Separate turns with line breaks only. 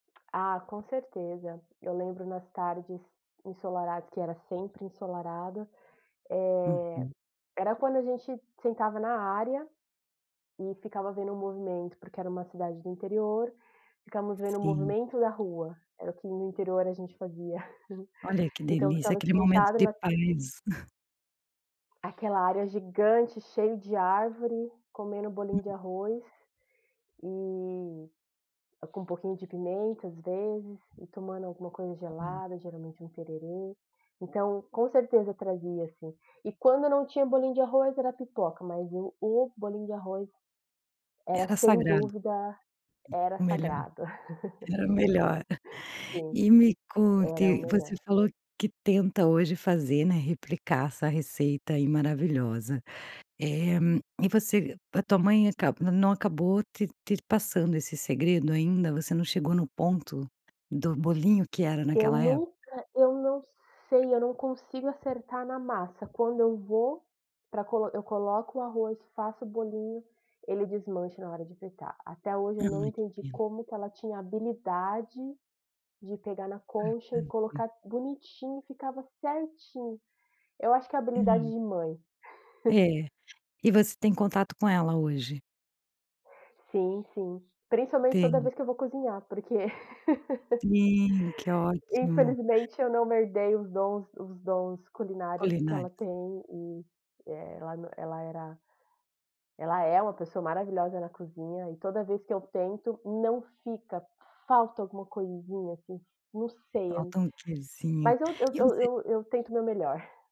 Ah, com certeza. Eu lembro nas tardes ensolarados, que era sempre ensolarado, eh,
Uhum.
era quando a gente sentava na área, e ficava vendo o movimento, porque era uma cidade do interior, ficamos vendo o
Sim.
movimento da rua, era o que no interior a gente fazia,
Olha que
então
delícia,
ficava
aquele momento
sentado
de
na
paz.
Aquela área gigante, cheio de árvore, comendo bolinho de
Hum.
arroz, e com um pouquinho de pimenta, às vezes, e tomando alguma coisa
Olha.
gelada, geralmente um tererê. Então, com certeza trazia, assim. E quando eu não tinha bolinho de arroz, era pipoca, mas o o bolinho de arroz era,
Era
sem
sagrado.
dúvida, era
O melhor.
sagrado.
Era o melhor.
Sim,
E me
era o
conte, você
melhor.
falou que tenta hoje fazer, né, replicar essa receita aí, maravilhosa, eh, e você a tua mãe acaba não acabou te te passando esse segredo ainda, você não chegou no ponto do bolinho que era
Eu
naquela é
nunca eu não sei, eu não consigo acertar na massa, quando eu vou pra co eu coloco o arroz, faço o bolinho, ele desmancha na hora de fritar. Até hoje eu
Ah,
não
que
entendi
pena.
como que ela tinha habilidade de pegar na concha e
Aham, sim.
colocar bonitinho, e ficava certinho. Eu acho que é habilidade
Hum.
de mãe.
É, e você tem contato com ela hoje?
Sim, sim, principalmente toda
Tem.
vez que eu vou cozinhar, porque
Sim, que ótimo.
infelizmente eu não herdei os dons os dons culinários que ela
Culinárias.
tem e ela nã ela era ela é uma pessoa maravilhosa na cozinha, e toda vez que eu tento, não fica, falta alguma coisinha, assim, não sei, a
Falta um quezinho.
mas eu
E
eu
você
eu eu tento o meu melhor.